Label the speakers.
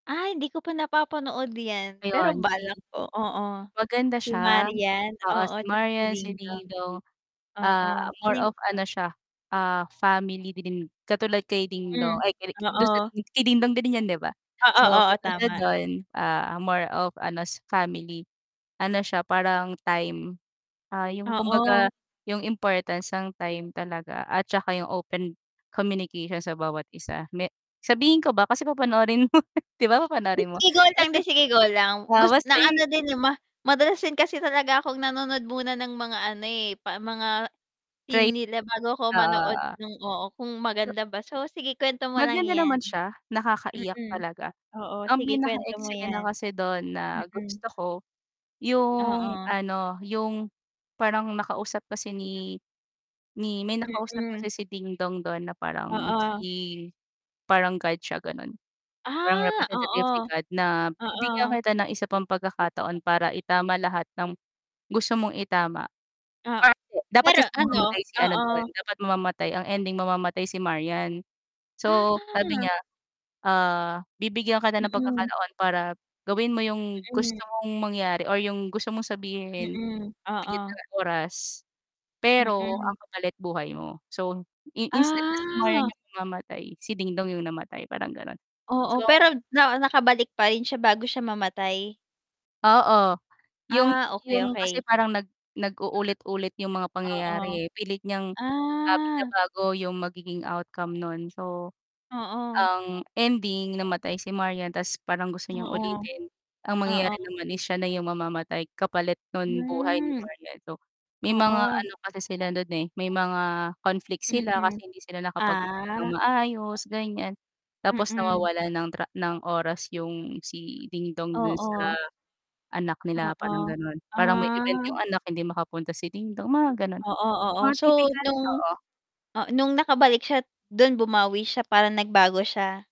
Speaker 1: Ay hindi ko pa napapanood 'yan. Pero
Speaker 2: Ayun, si
Speaker 1: balak o oo.
Speaker 2: maganda
Speaker 1: Kay
Speaker 2: siya.
Speaker 1: Marian,
Speaker 2: Oo,
Speaker 1: oo,
Speaker 2: si
Speaker 1: tsaka si
Speaker 2: Marian, si
Speaker 1: Dingdong.
Speaker 2: DingDong,
Speaker 1: Oo,
Speaker 2: ah,
Speaker 1: ano
Speaker 2: more
Speaker 1: yung
Speaker 2: of ano siya, ah, family dream. Katulad kay
Speaker 1: Hmm,
Speaker 2: Dingdong, ay kini dun sa
Speaker 1: oo.
Speaker 2: dini kay Dingdong din 'yan, 'di ba?
Speaker 1: Oo,
Speaker 2: So,
Speaker 1: oo,
Speaker 2: katulad
Speaker 1: tama.
Speaker 2: no'n, ah, more of ano, s family. Ano siya, parang time, ah, yung
Speaker 1: Oo.
Speaker 2: kumbaga yung importance ng time talaga at tsaka yung open communication sa bawat isa. Me sabihin ko ba kasi papanoorin mo. 'Di ba
Speaker 1: 'Di
Speaker 2: papanoorin mo?
Speaker 1: sige, go lang. 'Di
Speaker 2: Basbas
Speaker 1: sige, go lang.
Speaker 2: oo,
Speaker 1: Gus
Speaker 2: basta
Speaker 1: na ano
Speaker 2: yu
Speaker 1: din, eh, ma madalas din kasi talaga akong nanonood muna ng mga ano, eh, pa mga theme
Speaker 2: Trait.
Speaker 1: nila bago ako
Speaker 2: Oo,
Speaker 1: manood
Speaker 2: oo.
Speaker 1: nung oo, kung maganda ba. So, sige kuwento mo lang
Speaker 2: Maganda
Speaker 1: 'yan.
Speaker 2: naman siya, nakakaiyak
Speaker 1: Mm.
Speaker 2: talaga.
Speaker 1: Oo,
Speaker 2: Ang
Speaker 1: sige
Speaker 2: pinaka
Speaker 1: kuwento mo
Speaker 2: eksena
Speaker 1: 'yan.
Speaker 2: kasi dun na
Speaker 1: Mm.
Speaker 2: gusto ko yung
Speaker 1: Oo.
Speaker 2: ano, yung parang nakausap kasi ni ni may nakausap
Speaker 1: Mm.
Speaker 2: kasi si Dingdong dun na parang
Speaker 1: Oo.
Speaker 2: si parang God siya, gano'n. Parang
Speaker 1: Ah,
Speaker 2: representative ni
Speaker 1: oo.
Speaker 2: God na bibigyan
Speaker 1: Oo.
Speaker 2: kita ng isa pang pagkakataon para itama lahat ng gusto mong itama.
Speaker 1: O
Speaker 2: Dapat
Speaker 1: pero
Speaker 2: kasi
Speaker 1: ano
Speaker 2: mamamatay si ano dun,
Speaker 1: oo.
Speaker 2: dapat mamamatay ang ending mamamatay si Marian. So sabi
Speaker 1: Ah.
Speaker 2: niya, ah, bibigyan ka na ng
Speaker 1: Mm.
Speaker 2: pagkakataon para gawin mo yung gusto
Speaker 1: Mm.
Speaker 2: mong mangyari or yung gusto mong sabihin,
Speaker 1: Mm,
Speaker 2: bigyan kita
Speaker 1: oo.
Speaker 2: ng oras, pero
Speaker 1: Mm.
Speaker 2: ang kapalit buhay mo. So, i instead na si Marian
Speaker 1: Ah.
Speaker 2: yung mamamatay si Dingdong yung namatay, parang gano'n.
Speaker 1: Oo,
Speaker 2: So
Speaker 1: pero na nakabalik pa rin siya bago siya mamatay?
Speaker 2: Oo, yung
Speaker 1: Ah, okey,
Speaker 2: yung kasi
Speaker 1: okey.
Speaker 2: parang nag nag-uulit-ulit yung mga
Speaker 1: Oo.
Speaker 2: pangyayari, eh. Pilit niyang, ah,
Speaker 1: Ah.
Speaker 2: binabago yung magiging outcome no'n. So,
Speaker 1: Oo.
Speaker 2: ang ending, namatay si Marian ta's parang gusto niyang
Speaker 1: Oo.
Speaker 2: ulitin, ang mangyayari
Speaker 1: Oo.
Speaker 2: naman is siya na yung mamamatay kapalit nun buhay ni
Speaker 1: Hmm.
Speaker 2: Marian. So, may mga
Speaker 1: Oo.
Speaker 2: ano kasi sila dun, eh, may mga conflict sila
Speaker 1: Mm.
Speaker 2: kasi hindi sila nakapag-usap nang
Speaker 1: Ah.
Speaker 2: maayos, ganyan tapos
Speaker 1: Mm.
Speaker 2: nawawalan ng tra ng oras yung si Dingdong dun sa
Speaker 1: Oo.
Speaker 2: anak nila, parang
Speaker 1: Oo.
Speaker 2: gano'n. Parang may event
Speaker 1: Ah.
Speaker 2: yung anak hindi makapunta si Dingdong, mga gano'n.
Speaker 1: Oo, oo.
Speaker 2: Mga
Speaker 1: So,
Speaker 2: tipikal
Speaker 1: nung
Speaker 2: oo.
Speaker 1: ah, nung nakabalik siya dun bumawi siya, parang nagbago siya?